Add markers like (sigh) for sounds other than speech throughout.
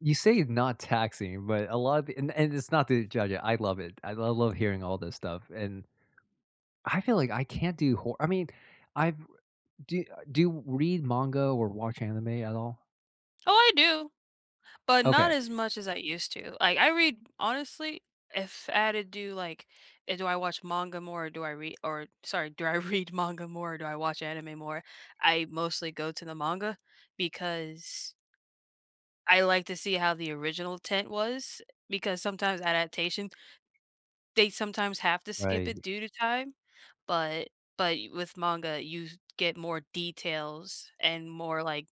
You say it not taxing, but a lot the and and it's not to judge it, I love it, I I love hearing all this stuff, and I feel like I can't do hor I mean, I've, uh, do do you read manga or watch anime at all? Oh, I do, but not Okay. as much as I used to, like, I read honestly, if I had to do, like, eh, do I watch manga more, or do I re or sorry, do I read manga more, do I watch anime more? I mostly go to the manga, because I like to see how the original tent was, eh, because sometimes adaptation they sometimes have to skip Right. it due to time. But but y with manga, you get more details and more, like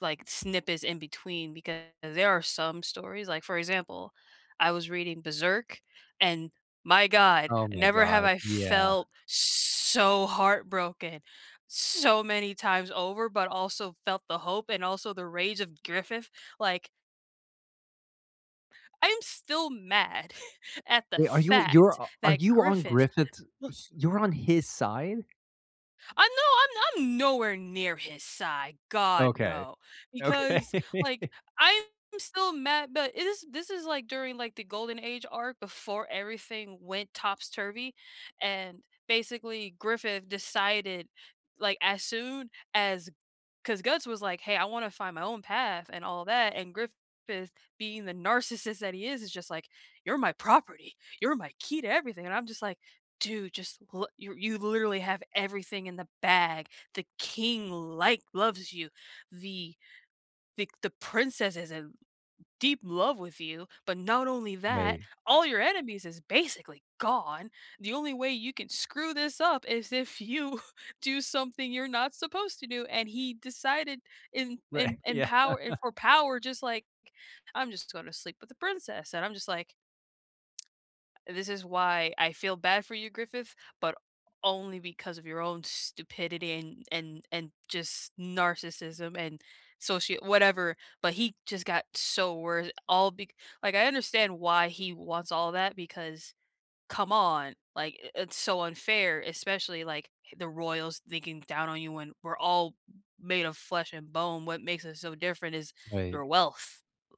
like snippets in between; because there are some stories like, for example, I was reading Berserk, and my god! Oh my Never have god. I Yeah. felt so heartbroken so many times over, but also felt the hope and also the rage of Griffith, like I'm still mad (chuckles) at the Wait, are you you're fact a are that you on Griffith Griffith's ba s you're on his side? I no, I'm no I'm nowhere near his side. God Okay. no! Because, Okay. like, (laughs) I'm still mad but it is this is like during, like, the Golden Age arc before everything went top's-turvy, and basically Griffith decided, like, as soon as 'cause Guts was like, "Hey, I wanna find my own path and all that," and Griffith being the narcissist that he is, is just like, "You're my property. You're my key to everything." And I'm just like, "Dude, just lo you you've literally have everything in the bag, the king, like loves you, the the the princess is in deep love with you, but not only that, Right. all your enemies is basically gone. The only way you can screw this up is if you do something you're not supposed to do," and he decided in Right. in in Yeah. power and (chuckles) for power just like, "I'm just gonna sleep with the princess," and I'm just like, (tsk) "This is why I feel bad for you, Griffith, but only because of your own stupidity and and and just narcissism and socia whatever." But he just got so wor all bec like, I understand why he wants all that because, come on, like, i it's so unfair, especially, like, h the royals thinking down on you when we're all made of flesh and bone, what makes us so different is Right. your wealth.